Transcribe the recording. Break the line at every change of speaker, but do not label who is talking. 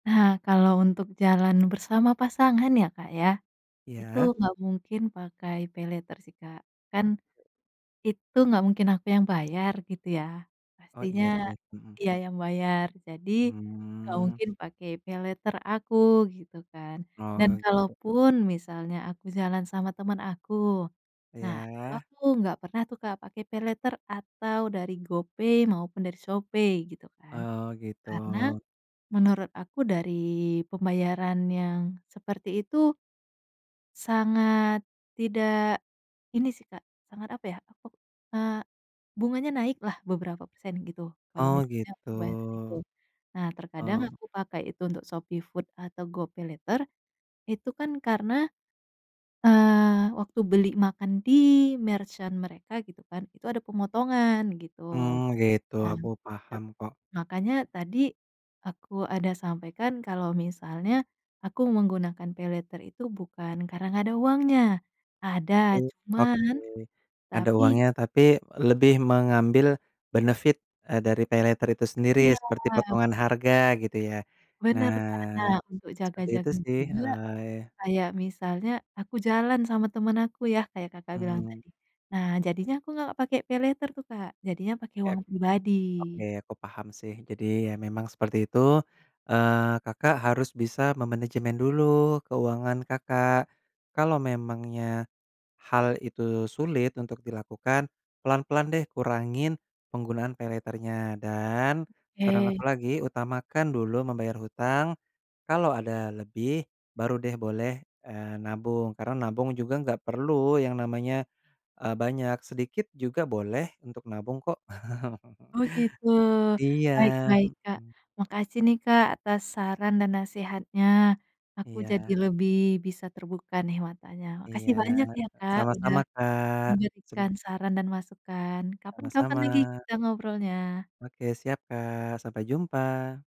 Nah kalau untuk jalan bersama pasangan ya Kak ya, itu
Iya.
gak mungkin pakai Paylater sih Kak kan, itu gak mungkin aku yang bayar gitu ya,
Oh
pastinya,
iya sih, mhm.
dia yang bayar jadi, gak
Mmm.
mungkin pakai Paylater aku gitu kan dan
Oh.
kalaupun misalnya aku jalan sama temen aku, nah itu
Iya.
aku gak pernah tuh Kak pakai Paylater atau dari GoPay maupun dari Shopee gitu kan,
Oh
karena,
gitu.
menurut aku dari pembayaran yang seperti itu sangat tidak, ini sih Kak sangat apa ya, eee, bunganya naiklah beberapa persen gitu kalo
Oh
misalnya
gitu,
pembayaran itu, nah terkadang
oh.
aku pakai itu untuk Shopee Food atau GoPaylater, itu kan karena, eee, waktu beli makan di-merchant mereka gitu kan itu ada pemotongan gitu,
Oh gitu
nah.
aku paham kok.
Makanya tadi, aku ada sampaikan kalau misalnya, aku menggunakan Paylater itu bukan karena gak ada uangnya ada
[unintelligible] Oke,
cuman,
ada
tapi.
uangnya tapi lebih mengambil benefit, eee, dari Paylater itu sendiri
Iya.
seperti potongan harga gitu ya,
Benar benar nah
nah,
untuk
seperti itu
jaga-jaga
sih
juga,
oh ya.
kayak misalnya aku jalan sama temen aku ya kayak Kakak bilang
Mmm.
tadi nah jadinya aku gak pake Paylater tuh Kak jadinya pake
Oke,
uang pribadi.
oke aku paham sih jadi ya memang seperti itu, eee, Kakak harus bisa memanajemen dulu keuangan Kakak, kalau memangnya, hal itu sulit untuk dilakukan, pelan-pelan deh kurangin penggunaan Paylaternya dan saran
Oke.
aku lagi utamakan dulu membayar hutang, kalau ada lebih baru deh boleh, eee, nabung karena nabung juga nggak perlu yang namanya, eee, banyak sedikit juga boleh untuk nabung kok.
Oh gitu
Iya,
baik baik Kak
mhm.
makasih nih Kak atas saran dan nasehatnya, aku jadi
Iya.
lebih bisa terbuka nih matanya
Iya
makasih banyak ya Kak udah,
sama-sama Kak sem
memberikan saran dan masukan kapan-kapan lagi
Sama-sama.
kita ngobrolnya.
Oke siap Kak sampai jumpa.